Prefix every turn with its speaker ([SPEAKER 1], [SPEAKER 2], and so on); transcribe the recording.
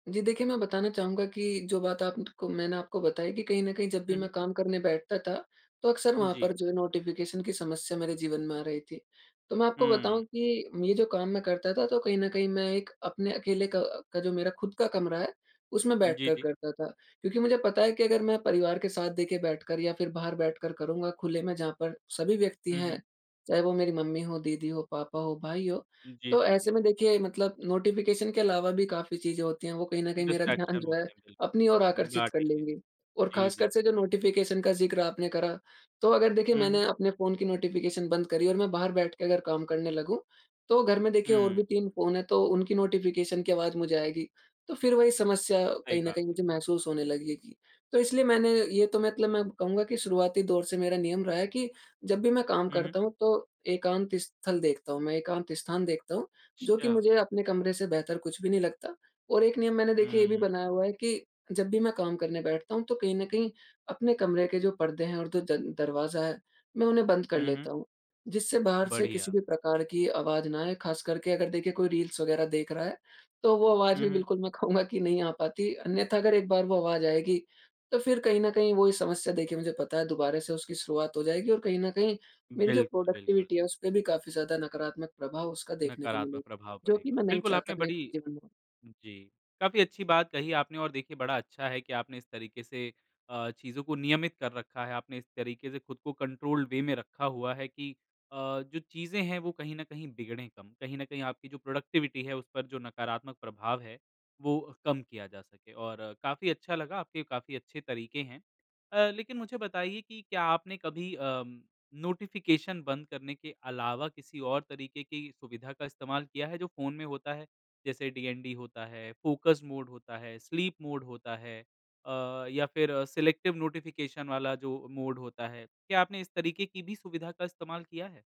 [SPEAKER 1] जी, देखिए, मैं बताना चाहूँगा कि जो बात आप ट को मैंने आपको बताई कि कहीं न कहीं, जब भी
[SPEAKER 2] हुँ,
[SPEAKER 1] मैं
[SPEAKER 2] हुँ।
[SPEAKER 1] काम करने बैठता था, तो अक़्सर
[SPEAKER 2] उम,
[SPEAKER 1] वहाँ
[SPEAKER 2] जी।
[SPEAKER 1] पर जो है, नोटिफ़िकेशन की समस्या मेरे जीवन में आ रही थी। तो मैं आपको
[SPEAKER 2] हुँ।
[SPEAKER 1] बताऊँ कि ये जो काम मैं करता था, तो कहीं न कहीं मैं एक अपने अकेले का का जो मेरा खुद का कमरा है, उसमें
[SPEAKER 2] उम, जी,
[SPEAKER 1] बैठकर
[SPEAKER 2] जी।
[SPEAKER 1] करता था। क्योंकि मुझे पता है कि अगर मैं परिवार के साथ, देखिए, बैठकर या फिर बाहर बैठकर करूँगा, खुले में, जहाँ पर सभी व्यक्ति
[SPEAKER 2] हुँ,
[SPEAKER 1] हैं,
[SPEAKER 2] हुँ।
[SPEAKER 1] चाहे वो मेरी मम्मी हो, दीदी हो, पापा हो, भाई हो,
[SPEAKER 2] उम, जी,
[SPEAKER 1] तो
[SPEAKER 2] जी,
[SPEAKER 1] ऐसे
[SPEAKER 2] जी।
[SPEAKER 1] में देखिए मतलब नोटिफ़िकेशन के अलावा भी काफ़ी चीज़ें होती हैं, वो कहीं न कहीं मेरा ध्यान
[SPEAKER 2] डिस्ट्रैक्शन
[SPEAKER 1] जो है,
[SPEAKER 2] होते हैं,
[SPEAKER 1] अपनी ओर
[SPEAKER 2] बिल्कुल।
[SPEAKER 1] आकर्षित कर
[SPEAKER 2] बाटेंगे।
[SPEAKER 1] लेंगी। और
[SPEAKER 2] जी, जी,
[SPEAKER 1] खासकर से
[SPEAKER 2] जी।
[SPEAKER 1] जो नोटिफ़िकेशन का ज़िक्र आपने करा, तो अगर देखिए,
[SPEAKER 2] हुँ, हुँ।
[SPEAKER 1] मैंने अपने फ़ोन की नोटिफ़िकेशन बंद करी और मैं बाहर बैठ के अगर काम करने लगूँ, तो घर में, देखिए, और
[SPEAKER 2] हुँ।
[SPEAKER 1] भी तीन फ़ोन हैं, तो उनकी नोटिफ़िकेशन की आवाज़ मुझे आएगी। तो फिर वही समस्या
[SPEAKER 2] सही
[SPEAKER 1] कहीं न
[SPEAKER 2] बात
[SPEAKER 1] कहीं
[SPEAKER 2] है।
[SPEAKER 1] मुझे महसूस होने लगेगी। तो इसलिए मैंने ये तो मतलब मैं कहूँगा कि शुरुआती दौर से मेरा नियम रहा है कि जब भी मैं काम
[SPEAKER 2] हुँ, हुँ।
[SPEAKER 1] करता हूँ, तो एकांत स्थल देखता हूँ, मैं एकांत स्थान देखता हूँ, जो कि
[SPEAKER 2] अच्छा।
[SPEAKER 1] मुझे अपने कमरे से बेहतर कुछ भी नहीं लगता। और एक नियम मैंने, देखिए, ये भी
[SPEAKER 2] हुँ।
[SPEAKER 1] बनाया हुआ है कि जब भी मैं काम करने बैठता हूँ, तो कहीं न कहीं अपने कमरे के जो पर्दे हैं और दो जन दरवाज़ा है, मैं उन्हें बंद कर
[SPEAKER 2] हुँ, हुँ।
[SPEAKER 1] लेता हूँ, जिससे बाहर से किसी
[SPEAKER 2] बढ़िया।
[SPEAKER 1] भी प्रकार की आवाज़ ना आए। खासकर के अगर, देखिए, कोई रील्स वगैरह देख रहा है, तो वो आवाज़
[SPEAKER 2] हुँ,
[SPEAKER 1] भी,
[SPEAKER 2] हुँ।
[SPEAKER 1] बिल्कुल, मैं कहूँगा कि नहीं आ पाती। अन्यथा, अगर एक बार वो आवाज़ आएगी, तो फिर कहीं न कहीं वही समस्या, देखिए, मुझे पता है, दोबारा से उसकी शुरुआत हो जाएगी और कहीं न कहीं मेरी जो
[SPEAKER 2] बिल्कुल, बिल्कुल।
[SPEAKER 1] प्रोडक्टिविटी है, उसपे भी काफ़ी ज़्यादा नकारात्मक प्रभाव उसका देखने को
[SPEAKER 2] नकारात्मक
[SPEAKER 1] मिलेगा,
[SPEAKER 2] प्रभाव
[SPEAKER 1] जो कि
[SPEAKER 2] पड़ेगा।
[SPEAKER 1] मैं नहीं
[SPEAKER 2] बिल्कुल,
[SPEAKER 1] चाहता
[SPEAKER 2] आपने
[SPEAKER 1] मेरे
[SPEAKER 2] बड़ी
[SPEAKER 1] जीवन में।
[SPEAKER 2] जी, काफ़ी अच्छी बात कही आपने और देखिए, बड़ा अच्छा है कि आपने इस तरीके से अ, चीज़ों को नियमित कर रखा है। आपने इस तरीके से खुद को कंट्रोल्ड वे में रखा हुआ है कि अ, जो चीज़ें हैं, वो कहीं न कहीं बिगड़ें कम। कहीं न कहीं आपकी जो प्रोडक्टिविटी है, उस पर जो नकारात्मक प्रभाव है, वो कम किया जा सके, और काफ़ी अच्छा लगा, आपके काफ़ी अच्छे तरीके हैं। अ, लेकिन मुझे बताइए कि क्या आपने कभी अम, नोटिफ़िकेशन बंद करने के अलावा किसी और तरीके की सुविधा का इस्तेमाल किया है, जो फ़ोन में होता है? जैसे डीएनडी होता है, फ़ोकस मोड होता है, स्लीप मोड होता है अ, या फिर सिलेक्टिव नोटिफ़िकेशन वाला जो मोड होता है, क्या आपने इस तरीके की भी सुविधा का इस्तेमाल किया है?